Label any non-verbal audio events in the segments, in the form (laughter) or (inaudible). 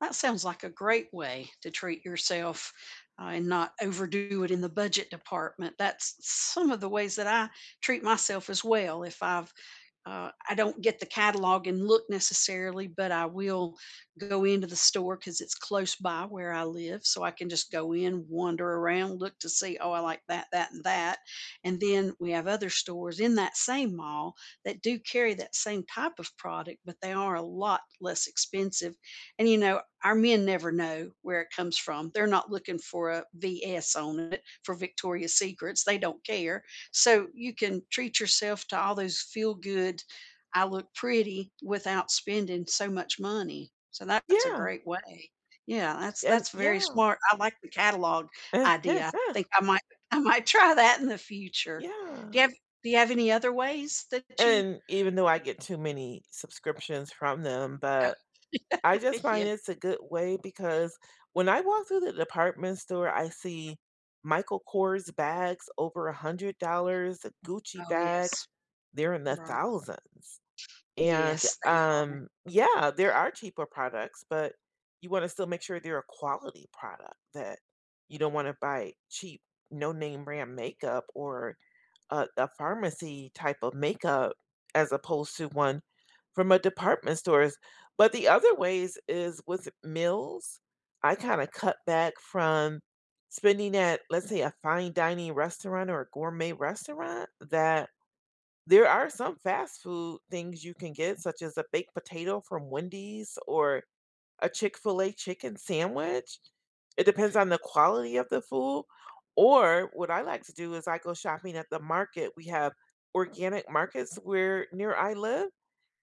That sounds like a great way to treat yourself, uh, and not overdo it in the budget department. That's some of the ways that I treat myself as well. If I've uh, I don't get the catalog and look necessarily, but I will go into the store 'cause it's close by where I live. So I can just go in, wander around, look to see, "Oh, I like that, that, and that." And then we have other stores in that same mall that do carry that same type of product, but they are a lot less expensive, and, you know, our men never know where it comes from. They're not looking for a "VS" on it for Victoria's Secrets. They don't care. So you can treat yourself to all those feel good, "I look pretty" without spending so much money. So that that's a Yeah. great way. Yeah. That's And that's very yeah. smart. I like the catalog idea. I (laughs) think I might I might try that in the future. Do Yeah. you have do you have any other ways that you And even though I get too many subscriptions from them, Oh. but, I just (laughs) Yeah. find it's a good way because when I walk through the department store, I see Michael Kors bags over $100 Gucci Oh, yes. bags, they're in the Right. thousands, and, Yes, they are. um, yeah, there are cheaper products, but you want to still make sure they're a quality product that you don't want to buy cheap, no name brand makeup or a a pharmacy type of makeup as opposed to one from a department stores, but the other ways is with meals, I kinda cut back from spending at, let's say, a fine dining restaurant or a gourmet restaurant that there are some fast food things you can get such as a baked potato from Wendy's or a Chick-fil-A chicken sandwich. It depends on the quality of the food. Or what I like to do is I go shopping at the market. We have organic markets where near I live,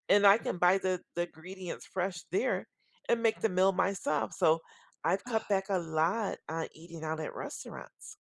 and I can buy the the ingredients fresh there and make the meal myself. So I've cut Oh. back a lot on eating out at restaurants.